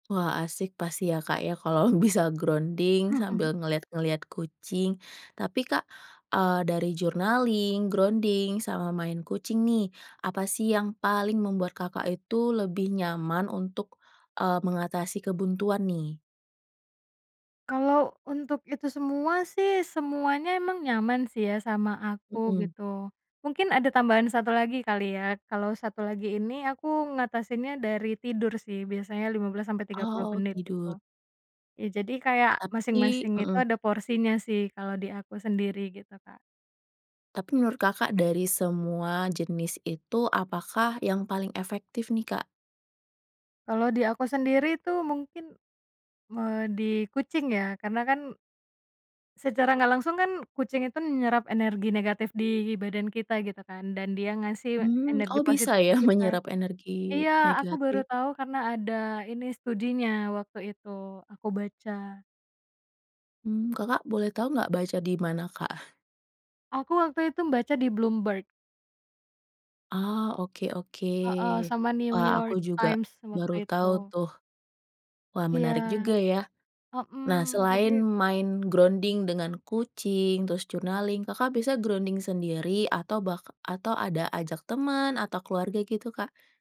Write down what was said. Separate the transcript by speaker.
Speaker 1: Wah, asik pasti ya Kak ya, kalau bisa grounding sambil ngelihat-ngelihat kucing. Tapi Kak, eee, dari journaling, grounding, sama main kucing nih, apa sih yang paling membuat Kakak itu lebih nyaman untuk, eee, mengatasi kebuntuan nih?
Speaker 2: Kalau untuk itu semua sih semuanya emang nyaman sih ya sama aku
Speaker 1: Mhm.
Speaker 2: gitu, mungkin ada tambahan 1 lagi kali ya. Kalau 1 lagi ini aku ngatasinnya dari tidur sih biasanya lima belas sampai
Speaker 1: Oh
Speaker 2: tiga puluh
Speaker 1: oh,
Speaker 2: menit,
Speaker 1: tidur.
Speaker 2: gitu. Ya jadi kayak
Speaker 1: Tapi
Speaker 2: masing-masing itu
Speaker 1: mmm.
Speaker 2: ada porsinya sih kalau di aku sendiri gitu, Kak.
Speaker 1: Tapi menurut Kakak dari semua jenis itu, apakah yang paling efektif nih, Kak?
Speaker 2: Kalau di aku sendiri itu mungkin, me di kucing ya karena kan secara nggak langsung kan kucing itu nyerap energi negatif di badan kita gitu kan, dan dia ngasih
Speaker 1: Mmm,
Speaker 2: energi
Speaker 1: oh bisa
Speaker 2: positif
Speaker 1: ya
Speaker 2: ke kita
Speaker 1: menyerap energi
Speaker 2: Iya aku baru
Speaker 1: negatif?
Speaker 2: tahu karena ada ini studinya waktu itu aku baca.
Speaker 1: Mmm, Kakak boleh tahu nggak baca di mana, Kak?
Speaker 2: Aku waktu itu baca di Bloomberg.
Speaker 1: Ah, oke oke.
Speaker 2: Heeh, sama New
Speaker 1: Wah, aku
Speaker 2: York
Speaker 1: juga
Speaker 2: Times
Speaker 1: baru
Speaker 2: waktu
Speaker 1: tahu
Speaker 2: itu.
Speaker 1: tuh. Wah
Speaker 2: Iya.
Speaker 1: menarik juga ya. Nah,
Speaker 2: Mhm, jadi
Speaker 1: selain main grounding dengan kucing, terus journaling, Kakak biasanya grounding sendiri atau bahka atau ada ajak teman atau keluarga gitu, Kak?